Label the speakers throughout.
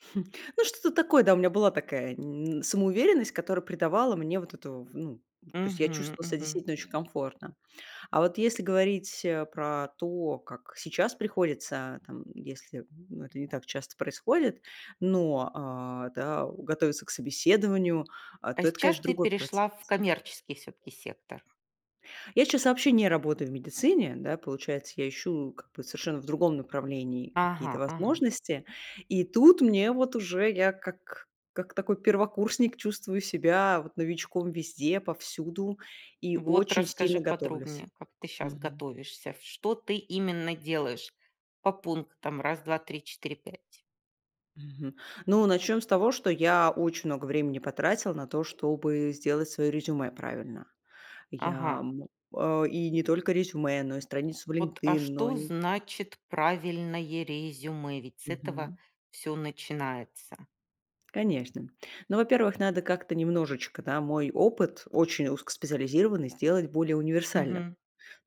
Speaker 1: Ну, что-то такое, да, у меня была такая н самоуверенность, которая придавала мне вот эту, в ну, то есть я
Speaker 2: Мгм,
Speaker 1: чувствовала себя
Speaker 2: мгм.
Speaker 1: действительно очень комфортно. А вот если говорить, э, про то, как сейчас приходится, там, если, м, но это не так часто происходит, но, а, да, э, готовиться к собеседованию, а,
Speaker 2: А
Speaker 1: то это,
Speaker 2: сейчас
Speaker 1: конечно,
Speaker 2: ты
Speaker 1: другой
Speaker 2: перешла
Speaker 1: процесс.
Speaker 2: в коммерческий всё-таки сектор.
Speaker 1: Я сейчас вообще не работаю в медицине, да, получается, я ищу как бы совершенно в другом направлении какие-то
Speaker 2: Ага, ага.
Speaker 1: возможности. И тут мне вот уже я как как такой первокурсник чувствую себя вот новичком везде, повсюду и
Speaker 2: Вот,
Speaker 1: очень
Speaker 2: расскажи
Speaker 1: сильно готовлюсь.
Speaker 2: подробнее, как ты сейчас готовишься, в что ты именно делаешь по пунктам: раз, 2, 3, 4, 5,.
Speaker 1: Мгм. Ну, начнем с того, что я очень много времени потратила на то, чтобы сделать свое резюме правильно. Я,
Speaker 2: Ага.
Speaker 1: м, э, и не только резюме, но и страницу в
Speaker 2: Вот, а
Speaker 1: LinkedIn, но
Speaker 2: что
Speaker 1: ни
Speaker 2: значит правильное резюме? Ведь с этого
Speaker 1: Мгм.
Speaker 2: всё начинается.
Speaker 1: Конечно. Ну, во-первых, надо как-то немножечко, да, мой опыт, очень узкоспециализированный, сделать более универсальным, то
Speaker 2: Мгм.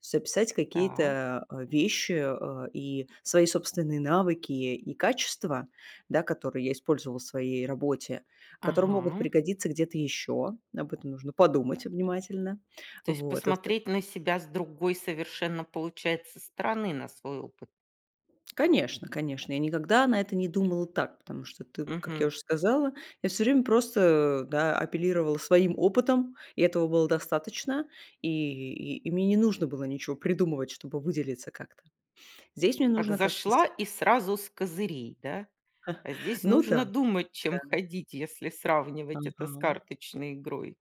Speaker 1: есть описать
Speaker 2: Так.
Speaker 1: какие-то, а, вещи, э, и свои собственные навыки и качества, да, которые я использовала в своей работе, которые могут
Speaker 2: Ага.
Speaker 1: пригодиться где-то ещё. Об этом нужно подумать внимательно.
Speaker 2: То есть
Speaker 1: Вот, в оста
Speaker 2: посмотреть на себя с другой совершенно, получается, стороны на свой опыт.
Speaker 1: Конечно, конечно, я никогда на это не думала так, потому что, ты, как я
Speaker 2: Мгм.
Speaker 1: уже сказала, я всё время просто, а, да, апеллировала своим опытом, и этого было достаточно, и и и мне не нужно было ничего придумывать, чтобы выделиться как-то. Здесь мне
Speaker 2: Как
Speaker 1: нужно как-то с
Speaker 2: зашла и сразу с козырей, да? А здесь
Speaker 1: Ну
Speaker 2: нужно
Speaker 1: да,
Speaker 2: думать, чем
Speaker 1: да.
Speaker 2: ходить, если сравнивать это с
Speaker 1: Ага.
Speaker 2: карточной игрой.